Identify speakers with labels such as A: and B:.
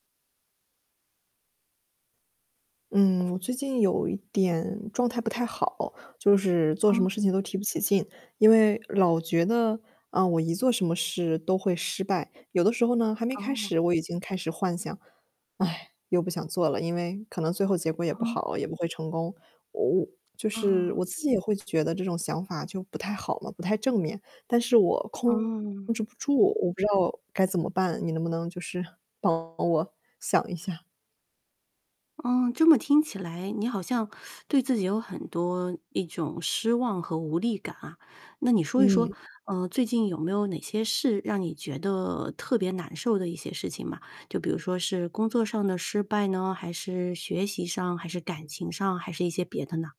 A: 嗯，我最近有一点状态不太好，就是做什
B: 嗯。
A: 么事情都提不起劲。因为老觉得，啊，我一做什么事都会失败，有的时候呢，还没开
B: 哦。
A: 始，我已经开始幻想。唉，又不想做了，因为可能最后结果也不
B: 嗯。
A: 好，也不会成功。我就是
B: 嗯。
A: 我自己也会觉得这种想法就不太好嘛，不太正面，但是我控
B: 嗯。
A: 制不住，我不知道该怎么办？你能不能就是帮我想一下？
B: 嗯，这么听起来你好像 对自己有很多一种失望和无力感啊。那你说一说，
A: 嗯。
B: 呃，最近有没有哪些事让你觉得特别难受的一些事情吗？就比如说是工作上的失败呢，还是学习上，还是感情上，还是一些别的呢？